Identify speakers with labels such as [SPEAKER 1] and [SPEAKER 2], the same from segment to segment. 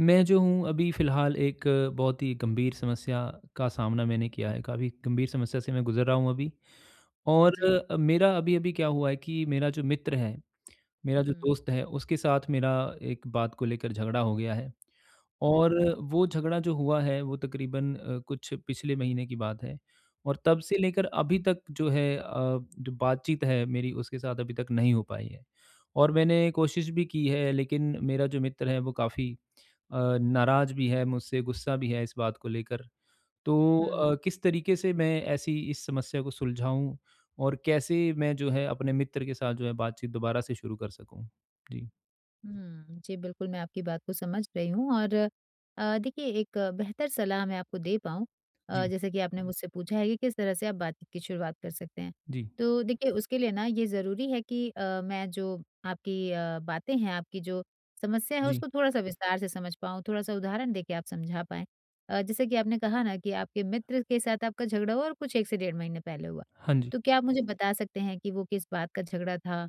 [SPEAKER 1] मैं जो हूँ अभी फिलहाल एक बहुत ही गंभीर समस्या का सामना मैंने किया है। काफ़ी गंभीर समस्या से मैं गुज़र रहा हूँ अभी और
[SPEAKER 2] जी।
[SPEAKER 1] मेरा अभी-अभी क्या हुआ है कि मेरा जो मित्र है, मेरा जो
[SPEAKER 2] हुँ।
[SPEAKER 1] दोस्त है, उसके साथ मेरा एक बात को लेकर झगड़ा हो गया है और
[SPEAKER 2] अच्छा।
[SPEAKER 1] वो झगड़ा जो हुआ है वो तकरीबन अ, कुछ पिछले महीने की बात है और तब से
[SPEAKER 2] इ
[SPEAKER 1] लेकर अभी तक जो है अ, जो बातचीत है मेरी उसके साथ अभी तक नहीं हो पाई है। और मैंने कोशिश भी की है लेकिन मेरा जो मित्र है वो काफ़ी अ, नाराज भी है मुझसे, गुस्सा भी है इस बात को लेकर। तो
[SPEAKER 2] हुँ, हुँ।
[SPEAKER 1] अ, किस तरीक़े से मैं ऐसी इस समस्या को सुलझाऊँ और कैसे मैं जो है अपने मित्र के साथ जो है बातचीत दोबारा से शुरू कर सकूँ? जी।
[SPEAKER 2] हम्म, जी बिल्कुल मैं आपकी बात को समझ रही हूँ और अ, देखिए एक बेहतर सलाह मैं आपको दे पाऊँ अ,
[SPEAKER 1] जी।
[SPEAKER 2] जैसा कि आपने मुझसे पूछा है कि किस तरह से आप बातचीत की शुरुआत कर सकते हैं।
[SPEAKER 1] जी।
[SPEAKER 2] तो देखिए उसके लिए ना ये ज़रूरी है कि अ, मैं जो आपकी अ, बातें हैं, आपकी जो समस्या है
[SPEAKER 1] जी।
[SPEAKER 2] उसको थोड़ा-सा विस्तार से समझ पाऊँ, थोड़ा-सा उदाहरण देके आप समझा पाएँ। अ, जैसे कि आपने कहा ना कि आपके मित्र के साथ आपका झगड़ा हुआ और कुछ 1 से डेढ़ महीने पहले हुआ।
[SPEAKER 1] हाँ जी।
[SPEAKER 2] तो क्या आप मुझे बता सकते हैं कि वो किस बात का झगड़ा था,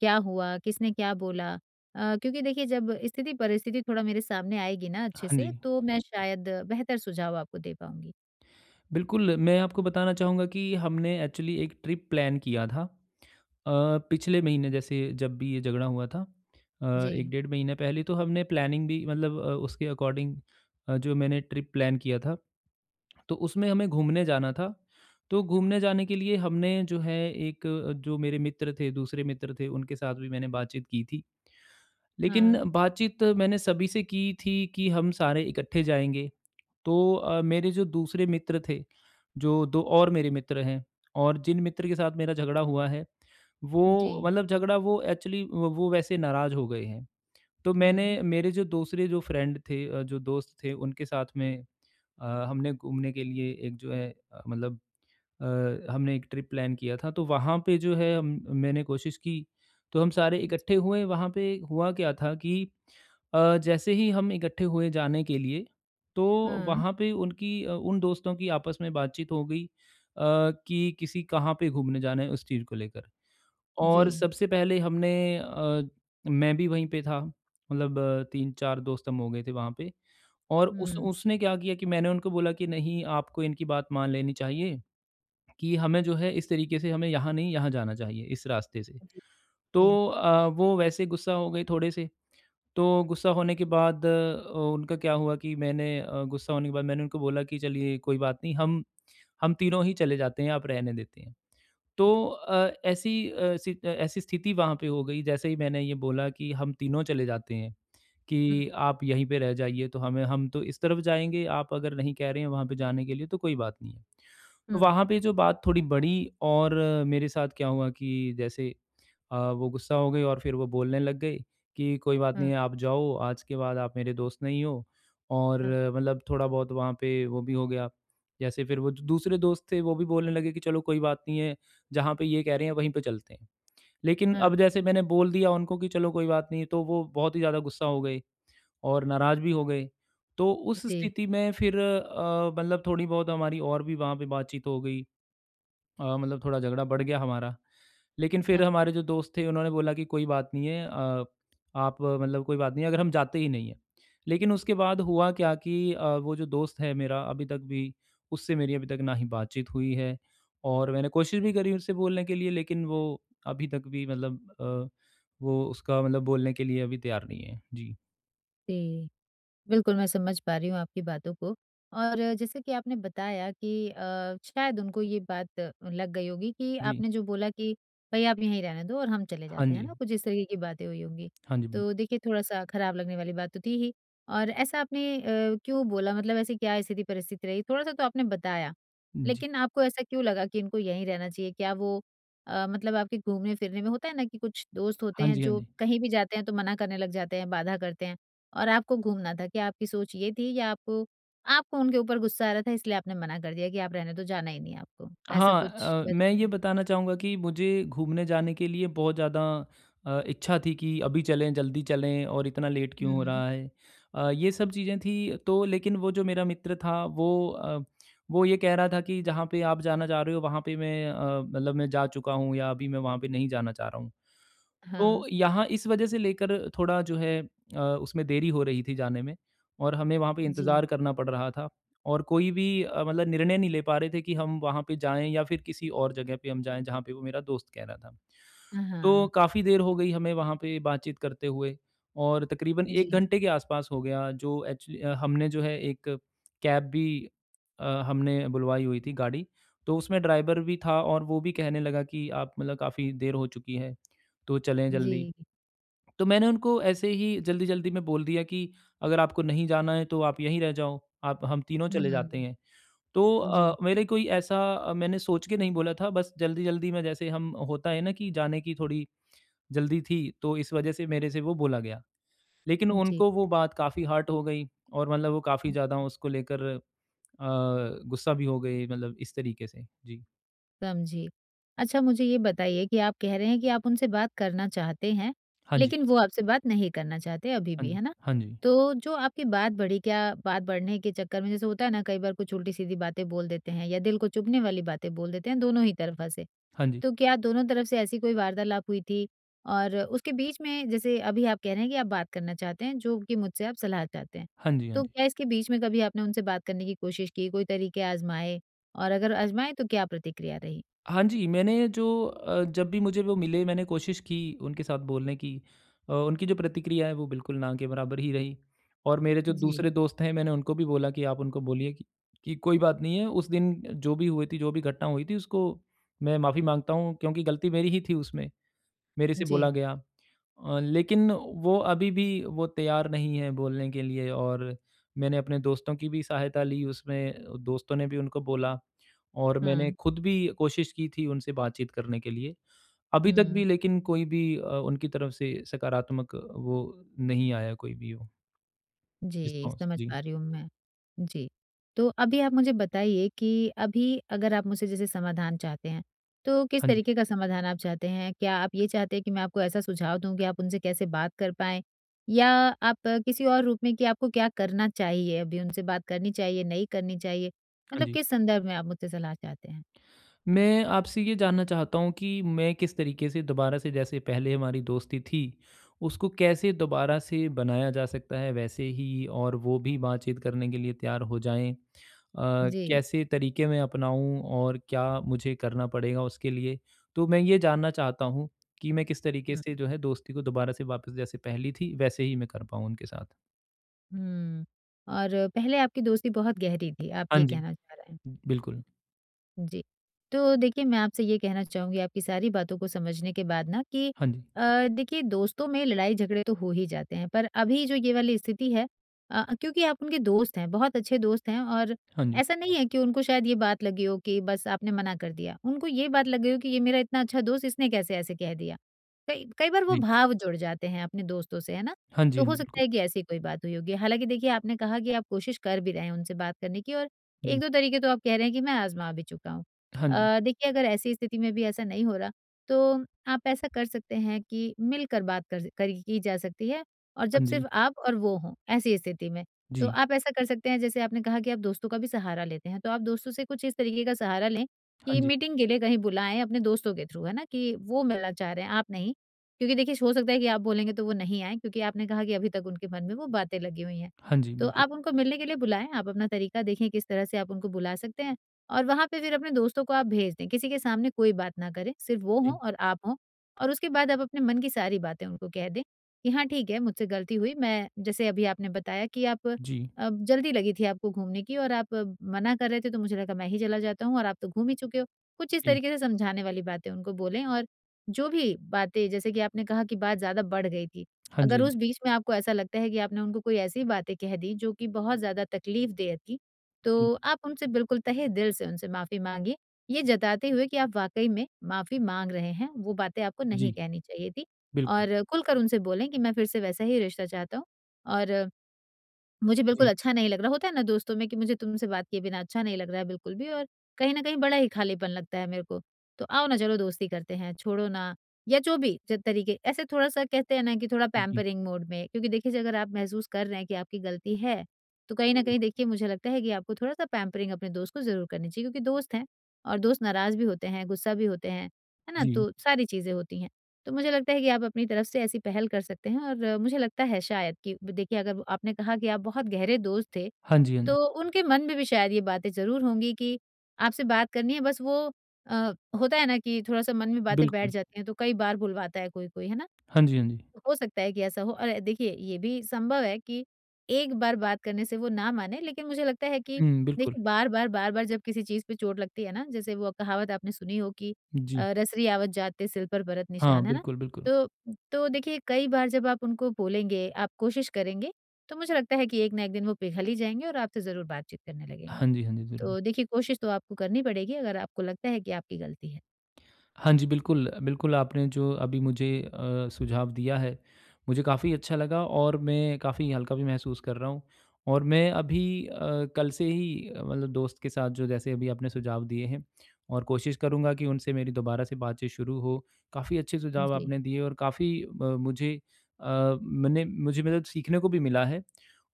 [SPEAKER 2] क्या हुआ, किसने क्या बोला? अ, क्योंकि देखिए जब स्थिति-परिस्थिति थोड़ा मेरे सामने आएगी ना अच्छे
[SPEAKER 1] हाँ
[SPEAKER 2] से
[SPEAKER 1] जी।
[SPEAKER 2] तो मैं शायद बेहतर सुझाव आपको दे पाऊँगी।
[SPEAKER 1] बिल्कुल, मैं आपको बताना चाहूँगा कि हमने एक्चुअली एक ट्रिप प्लैन किया था अ, पिछले महीने जैसे जब भी ये झगड़ा हुआ था। अ, 1
[SPEAKER 2] जी।
[SPEAKER 1] डेढ़ महीने पहले तो हमने प्लैनिंग भी मतलब अ, उसके अकॉर्डिंग अ, जो मैंने ट्रिप प्लैन किया था, तो उसमें हमें घूमने जाना था। तो घूमने जाने के लिए हमने जो है एक जो मेरे मित्र थे, दूसरे मित्र थे, उनके साथ भी मैंने बातचीत की थी। लेकिन
[SPEAKER 2] हाँ।
[SPEAKER 1] बातचीत मैंने सभी से की थी कि हम सारे इकट्ठे जाएँगे। तो अ, मेरे जो दूसरे मित्र थे, जो दो और मेरे मित्र हैं और जिन मित्र के साथ मेरा झगड़ा हुआ है, वो
[SPEAKER 2] जी।
[SPEAKER 1] मतलब झगड़ा वो एक्चुअली वो वैसे नाराज़ हो गए हैं। तो मैंने
[SPEAKER 2] हुँ।
[SPEAKER 1] मेरे जो दूसरे जो फ्रेंड थे, जो दोस्त थे, उनके साथ में अ, हमने घूमने के लिए एक जो है मतलब अ, हमने एक ट्रिप प्लैन किया था, तो वहाँ पे जो है म मैंने कोशिश की, तो हम सारे इकट्ठे
[SPEAKER 2] जी।
[SPEAKER 1] हुए, वहाँ पे हुआ क्या था कि अ, जैसे ही हम इकट्ठे हुए जाने के लिए तो
[SPEAKER 2] हाँ।
[SPEAKER 1] वहाँ पे उनकी अ, उन दोस्तों की आपस में बातचीत हो गई अ, कि किसी कहाँ पे घूमने जाना है उस चीज़ को लेकर। और
[SPEAKER 2] जी।
[SPEAKER 1] सबसे पहले हमने अ, मैं भी वहीं पे था, मतलब 3-4 दोस्त हम हो गए थे वहाँ पे, और
[SPEAKER 2] हुँ।
[SPEAKER 1] उस-उसने क्या किया कि मैंने उनको बोला कि नहीं आपको इनकी बात मान लेनी चाहिए कि हमें जो है इस तरीक़े से हमें यहाँ नहीं यहाँ जाना चाहिए, इस रास्ते से।
[SPEAKER 2] जी। जी।
[SPEAKER 1] तो अ, वो वैसे गुस्सा हो गए थोड़े से, तो गुस्सा होने के बाद उ उनका क्या हुआ कि मैंने अ, गुस्सा होने के बाद मैंने उनको बोला कि चलिए, कोई बात नहीं हम, हम तीनों ही चले जाते हैं, आप रहने देते हैं।
[SPEAKER 2] हुँ।
[SPEAKER 1] तो अ, ऐसी अ, स्थि ऐसी स्थिति वहाँ पे हो गई जैसे ही मैंने ये बोला कि हम तीनों चले जाते हैं
[SPEAKER 2] हुँ।
[SPEAKER 1] कि आप यहीं पे रह जाइए, तो हमें हम तो इस तरफ जाएँगे, आप अगर नहीं कह रहे हैं वहाँ पे जाने के लिए तो कोई बात नहीं है। तो
[SPEAKER 2] हुँ।
[SPEAKER 1] वहाँ पे जो बात थोड़ी बढ़ी और मेरे साथ क्या हुआ कि जैसे अ, वो गुस्सा हो गए और फिर वो बोलने लग गए कि कोई बात नहीं
[SPEAKER 2] हुँ।
[SPEAKER 1] है, आप जाओ, आज के बाद आप मेरे दोस्त नहीं हो और
[SPEAKER 2] हुँ।
[SPEAKER 1] मतलब थोड़ा-बहुत वहाँ पे वो भी हो गया। जैसे फिर वो दूसरे दोस्त थे, वो भी बोलने लगे कि चलो कोई बात नहीं है, जहाँ पे ये कह रहे हैं वहीं पे चलते हैं। लेकिन अब
[SPEAKER 2] हुँ।
[SPEAKER 1] जैसे मैंने बोल दिया उनको कि चलो कोई बात नहीं है, तो वो बहुत ही ज़्यादा गुस्सा हो गए और नाराज़ भी हो गए। तो उस
[SPEAKER 2] जी।
[SPEAKER 1] स्थिति में फिर अ, मतलब थोड़ी बहुत हमारी और भी वहाँ पे बातचीत हो गई। अ, मतलब थोड़ा झगड़ा बढ़ गया हमारा। लेकिन फिर
[SPEAKER 2] हुँ।
[SPEAKER 1] हमारे जो दोस्त थे उन्होंने बोला कि कोई बात नहीं है अ, आप मतलब कोई बात नहीं है, अगर हम जाते ही नहीं हैं। लेकिन उसके बाद हुआ क्या कि अ, वो जो दोस्त है मेरा अभी तक भी उससे मेरी अभी तक न ही बातचीत हुई है और मैंने कोशिश भी करी उससे बोलने के लिए, लेकिन वो अभी तक भी मतलब अ, वो उसका मतलब बोलने के लिए अभी तैयार नहीं है। जी।
[SPEAKER 2] जी, बिल्कुल मैं समझ पा रही हूँ आपकी बातों को और जैसे कि आपने बताया कि अ, शायद उनको ये बात लग गई होगी कि
[SPEAKER 1] जी।
[SPEAKER 2] आपने जो बोला कि भाई आप यहीं रहने दो और हम चले
[SPEAKER 1] हाँ
[SPEAKER 2] जाते हैं
[SPEAKER 1] जी।
[SPEAKER 2] ना। कुछ इस तरह की बातें हुई होंगी।
[SPEAKER 1] हाँ जी, बिल्कु
[SPEAKER 2] तो देखिए थोड़ा-सा खराब लगने वाली बात तो थी ही और ऐसा आपने अ, क्यों बोला? मतलब ऐसी क्या स्थिति-परिस्थिति रही? थोड़ा-सा तो आपने बताया
[SPEAKER 1] जी।
[SPEAKER 2] लेकिन आपको ऐसा क्यों लगा कि इनको यहीं रहना चाहिए। क्या वो अ, मतलब आपके घूमने-फिरने में होता है ना कि कुछ दोस्त होते
[SPEAKER 1] हाँ
[SPEAKER 2] हैं
[SPEAKER 1] जी, हाँ
[SPEAKER 2] जो
[SPEAKER 1] जी।
[SPEAKER 2] कहीं भी जाते हैं तो मना करने लग जाते हैं, बाधा करते हैं और आपको घूमना था। क्या आपकी सोच ये थी या आपको आपको उनके ऊपर गुस्सा आ रहा था इसलिए आपने मना कर दिया कि आप रहने दो जाना ही नहीं आपको? ऐसा
[SPEAKER 1] हाँ
[SPEAKER 2] कुछ
[SPEAKER 1] अ, मैं ये
[SPEAKER 2] बताइए।
[SPEAKER 1] बताना चाहूँगा कि मुझे घूमने जाने के लिए बहुत ज़्यादा अ, इच्छा थी कि अभी चलें, जल्दी चलें और इतना लेट क्यों हो
[SPEAKER 2] हुँ।
[SPEAKER 1] रहा है। अ, ये सब चीज़ें थी तो लेकिन वो जो मेरा मित्र था वो अ, वो ये कह रहा था कि जहाँ पे आप जाना जा रहे हो। वहाँ पे अ, मैं मतलब मैं जा चुका हूँ या अभी मैं वहाँ पे नहीं जाना चाह रहा हूँ।
[SPEAKER 2] हाँ।
[SPEAKER 1] तो यहाँ इस वजह से लेकर थोड़ा जो है अ, उसमें देरी हो रही थी जाने में और हमें वहाँ पे
[SPEAKER 2] जी।
[SPEAKER 1] इंतज़ार करना पड़ रहा था और कोई भी अ, मतलब निर्णय नहीं ले पा रहे थे कि हम वहाँ पे जाएँ। या फ़िर किसी और जगह पे हम जाएँ जहाँ पे वो मेरा दोस्त कह रहा था।
[SPEAKER 2] हाँ,
[SPEAKER 1] तो
[SPEAKER 2] हाँ।
[SPEAKER 1] काफ़ी देर हो गई हमें वहाँ पे बातचीत करते हुए और तकरीबन 1
[SPEAKER 2] जी।
[SPEAKER 1] घंटे के आसपास हो गया, जो एक्चु हमने जो है 1 कैब भी अ, हमने बुलवाई हुई थी गाड़ी। तो उसमें ड्राइवर भी था और वो भी कहने लगा कि आप मतलब काफ़ी देर हो चुकी है तो चलें जल्दी।
[SPEAKER 2] जी।
[SPEAKER 1] तो मैंने उनको ऐसे ही जल्दी-जल्दी में बोल दिया कि अगर आपको नहीं जाना है तो आप यहीं रह जाओ, आप हम तीनों चले जाते
[SPEAKER 2] हुँ।
[SPEAKER 1] हैं। तो
[SPEAKER 2] जी।
[SPEAKER 1] अ, मेरे कोई ऐसा मैंने सोच के नहीं बोला था, बस जल्दी-जल्दी में जैसे हम होता है ना कि जाने की थोड़ी जल्दी थी तो इस वजह से मेरे से वो बोला गया। लेकिन
[SPEAKER 2] जी।
[SPEAKER 1] उनको वो बात काफ़ी हर्ट हो गई और मतलब वो काफ़ी
[SPEAKER 2] हुँ।
[SPEAKER 1] ज़्यादा उसको लेकर अ, गुस्सा भी हो गए मतलब इस तरीके से। जी।
[SPEAKER 2] समझी। अच्छा मुझे ये बताइए कि आप कह रहे हैं कि आप उनसे बात करना चाहते हैं,
[SPEAKER 1] हाँ जी।
[SPEAKER 2] लेकिन वो आपसे बात नहीं करना चाहते अभी
[SPEAKER 1] हाँ
[SPEAKER 2] भी,
[SPEAKER 1] जी,
[SPEAKER 2] है ना।
[SPEAKER 1] हाँ जी।
[SPEAKER 2] तो जो आपकी बात बढ़ी, क्या बात बढ़ने के चक्कर में जैसे होता है ना कई बार कुछ उल्टी-सीधी बातें बोल देते हैं या दिल को चुभने वाली बातें बोल देते हैं, दोनों ही तरफा से।
[SPEAKER 1] हाँ जी।
[SPEAKER 2] तो क्या दोनों तरफ से ऐसी कोई वार्तालाप हुई थी? और उसके बीच में जैसे अभी आप कह रहे हैं कि आप बात करना चाहते हैं, जो कि मुझसे आप सलाह चाहते हैं।
[SPEAKER 1] हाँ जी, हाँ
[SPEAKER 2] तो
[SPEAKER 1] जी।
[SPEAKER 2] क्या इसके बीच में कभी आपने उनसे बात करने की कोशिश की, कोई तरीके आज़माए और अगर आज़माए तो क्या प्रतिक्रिया रही?
[SPEAKER 1] हाँ जी, मैंने जो अ, जब भी मुझे वो मिले, मैंने कोशिश की उनके साथ बोलने की। अ, उनकी जो प्रतिक्रियाएँ हैं वो बिल्कुल ना के बराबर ही रही और मेरे जो
[SPEAKER 2] जी।
[SPEAKER 1] दूसरे दोस्त हैं, मैंने उनको भी बोला कि आप उनको बोलिए कि कि कोई बात नहीं है, उस दिन जो भी हुए थी, जो भी घटना हुई थी उसको मैं माफी माँगता हूँ क्योंकि गलती मेरी ही थी उसमें। मेरे से
[SPEAKER 2] जी।
[SPEAKER 1] बोला गया अ, लेकिन वो अभी भी वो तैयार नहीं हैं बोलने के लिए और मैंने अपने दोस्तों की भी सहायता ली उसमें। दोस्तों ने भी उनको बोला और मैंने
[SPEAKER 2] हुँ।
[SPEAKER 1] खुद भी कोशिश की थी उनसे बातचीत करने के लिए। अभी तक
[SPEAKER 2] हुँ।
[SPEAKER 1] भी लेकिन कोई भी अ, उनकी तरफ से सकारात्मक वो नहीं आया कोई भी हो।
[SPEAKER 2] जी,
[SPEAKER 1] रिस्पॉन्स
[SPEAKER 2] समझ
[SPEAKER 1] जी।
[SPEAKER 2] पा रही हूँ मैं। जी, तो अभी आप मुझे बताइए कि अभी अगर आप मुझसे जैसे समाधान चाहते हैं तो किस
[SPEAKER 1] हाँ जी।
[SPEAKER 2] तरीके का समाधान आप चाहते हैं? क्या आप ये चाहते हैं कि मैं आपको ऐसा सुझाव दूँ कि आप उनसे कैसे बात कर पाएँ? या आप किसी और रूप में कि आपको क्या करना चाहिए, अभी उनसे बात करनी चाहिए, नहीं करनी चाहिए?
[SPEAKER 1] हाँ
[SPEAKER 2] मतलब
[SPEAKER 1] जी।
[SPEAKER 2] किस संदर्भ में आप मुझसे सलाह चाहते हैं?
[SPEAKER 1] मैं आपसे ये जानना चाहता हूँ कि मैं किस तरीके से दोबारा से जैसे पहले हमारी दोस्ती थी, उसको कैसे दोबारा से बनाया जा सकता है, वैसे ही और वो भी बातचीत करने के लिए तैयार हो जाएँ। अ,
[SPEAKER 2] जी।
[SPEAKER 1] कैसे तरीके मैं अपनाऊँ और क्या मुझे करना पड़ेगा उसके लिए। तो मैं ये जानना चाहता हूँ कि मैं किस तरीके से
[SPEAKER 2] हुँ।
[SPEAKER 1] जो है दोस्ती को दोबारा से वापस जैसे पहले थी वैसे ही मैं कर पाऊँ उनके साथ।
[SPEAKER 2] हुँ, और पहले आपकी दोस्ती बहुत गहरी थी, आप
[SPEAKER 1] हाँ
[SPEAKER 2] ये
[SPEAKER 1] जी,
[SPEAKER 2] कहना चाह रहे हैं?
[SPEAKER 1] बिल्कुल।
[SPEAKER 2] उम, जी। तो देखिए मैं आपसे ये कहना चाहूँगी आपकी सारी बातों को समझने के बाद ना कि
[SPEAKER 1] हाँ जी।
[SPEAKER 2] अ, देखिए दोस्तों में लड़ाई-झगड़े तो हो ही जाते हैं, पर अभी जो ये वाली स्थिति है अ अ, क्योंकि आप उनके दोस्त हैं, बहुत अच्छे दोस्त हैं और
[SPEAKER 1] हाँ जी।
[SPEAKER 2] ऐसा नहीं है कि उनको शायद ये बात लगी हो कि बस आपने मना कर दिया। उनको ये बात लग गई हो कि ये मेरा इतना अच्छा दोस्त, इसने कैसे ऐसे कह दिया। कई कई बार वो
[SPEAKER 1] जी।
[SPEAKER 2] भाव जुड़ जाते हैं अपने दोस्तों से है ना।
[SPEAKER 1] हाँ जी,
[SPEAKER 2] तो
[SPEAKER 1] हाँ,
[SPEAKER 2] हो सकता
[SPEAKER 1] बिल्कुल।
[SPEAKER 2] है कि ऐसी कोई बात हुई होगी, हालाँकि देखिए आपने कहा कि आप कोशिश कर भी रहे हैं उनसे बात करने की और एक
[SPEAKER 1] जी।
[SPEAKER 2] दो तरीके तो आप कह रहे हैं कि मैं आजमा भी चुका हूँ।
[SPEAKER 1] हाँ जी।
[SPEAKER 2] अ, देखिए अगर ऐसी स्थिति में भी ऐसा नहीं हो रहा, तो आप ऐसा कर सकते हैं कि मिलकर बात कर स करी की जा सकती है और जब
[SPEAKER 1] हाँ जी।
[SPEAKER 2] सिर्फ आप और वो हों ऐसी स्थिति में। तो
[SPEAKER 1] जी।
[SPEAKER 2] आप ऐसा कर सकते हैं जैसे आपने कहा कि आप दोस्तों का भी सहारा लेते हैं, तो आप दोस्तों से कुछ इस तरीके का सहारा लें
[SPEAKER 1] हाँ
[SPEAKER 2] कि
[SPEAKER 1] जी।
[SPEAKER 2] मीटिंग के लिए कहीं बुलाएँ अपने दोस्तों के थ्रू है ना कि वो मिलना चाह रहे हैं, आप नहीं क्योंकि देखिए हो सकता है कि आप बोलेंगे तो वो नहीं आएँ क्योंकि आपने कहा कि अभी तक उनके मन में वो बातें लगी हुई हैं।
[SPEAKER 1] हाँ जी,
[SPEAKER 2] तो
[SPEAKER 1] बिल्कुल।
[SPEAKER 2] आप उनको मिलने के लिए बुलाएँ। आप अपना तरीका देखें किस तरह से आप उनको बुला सकते हैं और वहाँ पे फिर अपने दोस्तों को आप भेज दें। किसी के सामने कोई बात ना करें, सिर्फ वो हों
[SPEAKER 1] जी।
[SPEAKER 2] और आप हों और उसके बाद आप अपने मन की सारी बातें उनको कह दें कि हाँ ठीक है, मुझसे गलती हुई। मैं जैसे अभी आपने बताया कि आप
[SPEAKER 1] जी।
[SPEAKER 2] अ, जल्दी लगी थी आपको घूमने की और आप मना कर रहे थे, तो मुझे लगा मैं ही चला जाता हूँ और आप तो घूम ही चुके हो। कुछ इस
[SPEAKER 1] जी।
[SPEAKER 2] तरीके से समझाने वाली बातें उनको बोलें और जो भी बातें जैसे कि आपने कहा कि बात ज़्यादा बढ़ गई थी।
[SPEAKER 1] हाँ जी, हाँ
[SPEAKER 2] अगर
[SPEAKER 1] जी।
[SPEAKER 2] उस बीच में आपको ऐसा लगता है कि आपने उनको कोई ऐसी बातें कह दी, जो कि बहुत ज़्यादा तकलीफदेह थी,
[SPEAKER 1] जी।
[SPEAKER 2] तो आप उनसे बिल्कुल तहे दिल से उनसे माफी माँगे। ये जताते हुए कि आप वाक़ई में माफी माँग रहे हैं। वो बातें आपको
[SPEAKER 1] जी।
[SPEAKER 2] नहीं कहनी चाहिए थी
[SPEAKER 1] बिल्कुल।
[SPEAKER 2] और खुल कर उनसे बोलें कि मैं फिर से वैसा ही रिश्ता चाहता हूँ और मुझे बिल्कुल
[SPEAKER 1] जी।
[SPEAKER 2] अच्छा नहीं लग रहा, होता है ना दोस्तों में कि मुझे तुमसे बात किए बिना अच्छा नहीं लग रहा है बिल्कुल भी और कहीं न कहीं बड़ा ही खालीपन लगता है मेरे को। तो आओ ना चलो दोस्ती करते हैं, छोड़ो ना या जो भी जो तरीके ऐसे थोड़ा-सा कहते हैं ना कि थोड़ा
[SPEAKER 1] उ जी।
[SPEAKER 2] पैम्परिंग मोड में क्योंकि देखिए अगर आप महसूस कर रहे हैं कि आपकी गलती है तो कहीं
[SPEAKER 1] जी,
[SPEAKER 2] न कहीं
[SPEAKER 1] बिल्
[SPEAKER 2] देखिए मुझे लगता है कि आपको थोड़ा-सा पैम्परिंग अपने दोस्त को ज़रूर करनी चाहिए क्योंकि दोस्त हैं और दोस्त नाराज़ भी होते हैं, गुस्सा भी होते हैं, है ना
[SPEAKER 1] जी।
[SPEAKER 2] तो सारी चीज़ें होती हैं। तो मुझे लगता है कि आप अपनी तरफ से ऐसी पहल कर सकते हैं और मुझे लगता है शायद कि ब देखिए अगर आपने कहा कि आप बहुत गहरे दोस्त थे,
[SPEAKER 1] हाँ जी, हाँ।
[SPEAKER 2] तो उनके मन में भी शायद ये बातें ज़रूर होंगी कि आपसे बात करनी है। बस वो अ, होता है ना कि थोड़ा-सा मन में बातें बैठ
[SPEAKER 1] बिल्कुल।
[SPEAKER 2] जाती हैं, तो कई बार भुलवाता है कोई-कोई है ना।
[SPEAKER 1] हाँ जी, हाँ जी।
[SPEAKER 2] हो सकता है कि ऐसा हो और देखिए ये भी सँभव है कि एक बार बात करने से वो ना माने लेकिन मुझे लगता है कि
[SPEAKER 1] हुँ, बिल्कुल।
[SPEAKER 2] देखिए बार-बार, बार-बार जब किसी चीज पे चोट लगती है ना जैसे वो कहावत आपने सुनी हो कि
[SPEAKER 1] उम, जी।
[SPEAKER 2] अ, "रसरी आवत जात ते सिर पर बरत
[SPEAKER 1] हाँ,
[SPEAKER 2] निशान" है ना।
[SPEAKER 1] बिल्कुल, बिल्कुल।
[SPEAKER 2] तो, तो देखिए कई बार जब आप उनको बोलेंगे, आप कोशिश करेंगे तो मुझे लगता है कि एक ना एक दिन वो पिघल ही जाएँगे और आपसे ज़रूर बातचीत करने लगेंगे।
[SPEAKER 1] हाँ जी, हाँ जी, ज़रूर।
[SPEAKER 2] तो देखिए कोशिश तो आपको करनी पड़ेगी अगर आपको लगता है कि आपकी गलती है।
[SPEAKER 1] हाँ जी, बिल्कुल। अ, बिल्कुल आपने जो अभी मुझे अ, सुझाव दिया है मुझे काफ़ी अच्छा लगा और मैं काफ़ी हल्का भी महसूस कर रहा हूँ और मैं अभी अ, कल से ही मतलब दोस्त के साथ जो जैसे अभी आपने सुझाव दिए हैं और कोशिश करूँगा कि उनसे मेरी दोबारा से बातचीत शुरू हो। काफ़ी अच्छे सुझाव
[SPEAKER 2] जी।
[SPEAKER 1] आपने दिए और काफ़ी म मुझे अ, मैंने मुझे मतलब सीखने को भी मिला है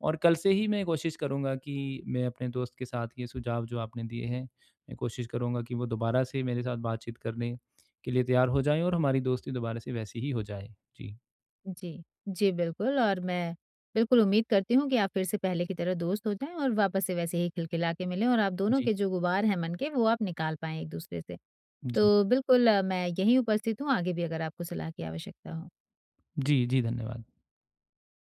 [SPEAKER 1] और कल से ही मैं कोशिश करूँगा कि मैं अपने दोस्त के साथ ये सुझाव जो आपने दिए हैं, मैं कोशिश करूँगा कि वो दोबारा से मेरे साथ बातचीत करने के लिए तैयार हो जाएँ और हमारी दोस्ती दोबारा से वैसी ही हो जाए। जी।
[SPEAKER 2] जी, जी बिल्कुल और मैं बिल्कुल उम्मीद करती हूँ कि आप फिर से पहले की तरह दोस्त हो जाएँ और वापस से वैसे ही खिलखिला के मिलें और आप दोनों
[SPEAKER 1] जी।
[SPEAKER 2] के जो गुबार हैं मन के, वो आप निकाल पाएँ एक दूसरे से।
[SPEAKER 1] जी।
[SPEAKER 2] तो बिल्कुल मैं यहीं उपस्थित हूँ आगे भी अगर आपको सलाह की आवश्यकता हो।
[SPEAKER 1] जी। जी, धन्यवाद।